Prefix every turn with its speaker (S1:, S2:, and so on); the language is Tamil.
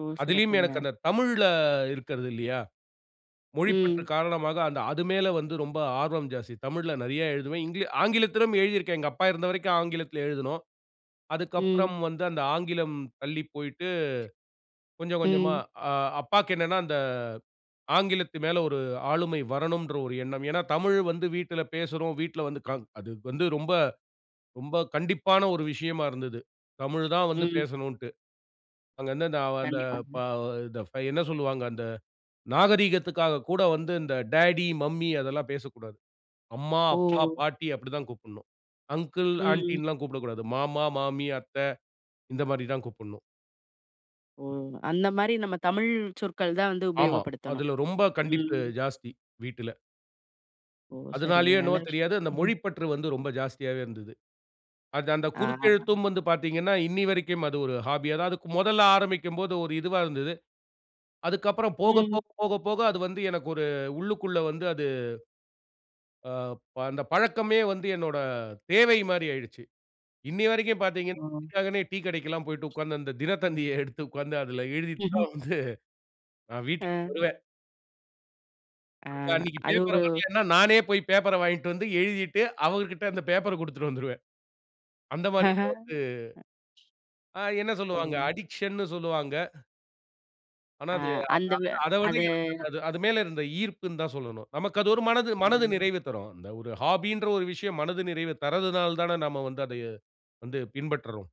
S1: ஓ!
S2: அதிலயும் எனக்கு
S1: சிறப்புங்க!
S2: அந்த தமிழ்ல இருக்கறது இல்லயா? மொழி பற்று
S1: ம்.
S2: காரணமாக அந்த அது மேல வந்து ரொம்ப ஆர்வம் ஜாஸ்தி. தமிழ்ல நெறைய எழுதுவேன். இங் ஆங்கிலத்திலும் எழுதிருக்கிறேன். எங்க அப்பா இருந்த வரைக்கும் ஆங்கிலத்தில எழுதினோம். அதுக்கு
S1: ம்.
S2: அப்புறம் வந்து, அந்த ஆங்கிலம் தள்ளிப் போய்ட்டு, கொஞ்சம் கொஞ்சமா.
S1: ம்.
S2: அ, அப்பாக்கு என்னன்னா, அந்த ஆங்கிலத்து மேல ஒரு ஆளுமை வரணும்ன்ற ஒரு எண்ணம். ஏன்னா தமிழ் வந்து வீட்டில பேசுறோம். வீட்டில வந்து க அது வந்து ரொம்ப ரொம்ப கண்டிப்பான ஒரு விஷயமா இருந்தது. தமிழ் தான் வந்து
S1: ம்.
S2: பேசணும்ன்ட்டு. அங்க வந்து அ வ அந்த
S1: கண்டிப்பாங்க.
S2: பா இந்த ஃபை என்ன சொல்வாங்க, அந்த, நாகரீகத்துக்காக கூட வந்து இந்த டாடி, மம்மி அதெல்லாம் பேசக்கூடாது. அம்மா, அப்பா,
S1: ஓ!
S2: பாட்டி அப்படி தான் கூப்பிடணும். அங்கிள்,
S1: ம்.
S2: ஆண்டின்னுலாம் கூப்பிடக்கூடாது. மாமா, மாமி, அத்த. இந்த மாரி தான் கூப்பிடணும்.
S1: ஓ. அந்த மாரி நம்ம தமிழ் சொற்கள் தான் வந்து
S2: ஆமா.
S1: உபயோகப்படுத்தணும்.
S2: அதில ரொம்ப கண்டிப்பு
S1: ம்.
S2: ஜாஸ்தி! வீட்டில.
S1: ஓ! சரிங்க,
S2: அதனாலேயோ
S1: நல்ல
S2: என்னவோ
S1: விஷயம்.
S2: தெரியாது. அந்த மொழிப்பற்று வந்து ரொம்ப ஜாஸ்தியாவே இருந்தது. அது அந்த
S1: அஹ.
S2: குறுக்கெழுத்தும் வந்து பார்த்தீங்கன்னா, இன்னைய வரைக்கும் அது ஒரு ஹாபி! அதாவது முதல்ல ஆரம்பிக்கும்போது ஒரு இதுவா இருந்தது. அதுக்கு அப்புறம் போக,
S1: ம்.
S2: போக, போக, போக அது வந்து எனக்கு ஒரு உள்ளுக்குள்ள வந்து அது அ, ப அந்த பழக்கமே வந்து என்னோட தேவை மாரி ஆயிடுச்சு. இன்னைய வரைக்கும் பார்த்தீங்கன்னா,
S1: ம்.
S2: இதுக்காக டீ கடைக்குலாம் போய்ட்டு உட்கார்ந்து, அந்த தினத்தந்திய எடுத்து உக்காந்து, அதில எழுதிட்டு
S1: ம்ஹ்ம்.
S2: தான் வந்து, நான் வீட்டுக்கே
S1: அ.
S2: வருவேன்.
S1: அ.
S2: அங்க அன்னைக்கு
S1: அது
S2: பேப்பர்
S1: ஒரு
S2: வரலன்னா, நானே போய் பேப்பர வாங்கிட்டு வந்து, எழுதிட்டு, அவர் கிட்ட அந்த பேப்பர கொடுத்துட்டு வந்துருவேன். அந்த மாதிரிலாம்
S1: அஹ.
S2: வந்து
S1: அ.
S2: அ, என்ன சொல்லுவாங்க,
S1: ஓ!
S2: அடிக்க்ஷன்னு சொல்லுவாங்க. ஆனா
S1: அ,
S2: அது
S1: அந்த வ
S2: [unintelligible] அத விட
S1: அது
S2: [unintelligible] அது மேல இருந்த ஈர்ப்புன்னு தான் சொல்லணும். நமக்கு அது ஒரு மனது மனது
S1: அ.
S2: நிறைவு தரும். இந்த ஒரு ஹாபின்ற ஒரு விஷயம் மனது நிறைவு தருவதனால தான நாம வந்து அதைய வந்து பின்பற்றுறோம்.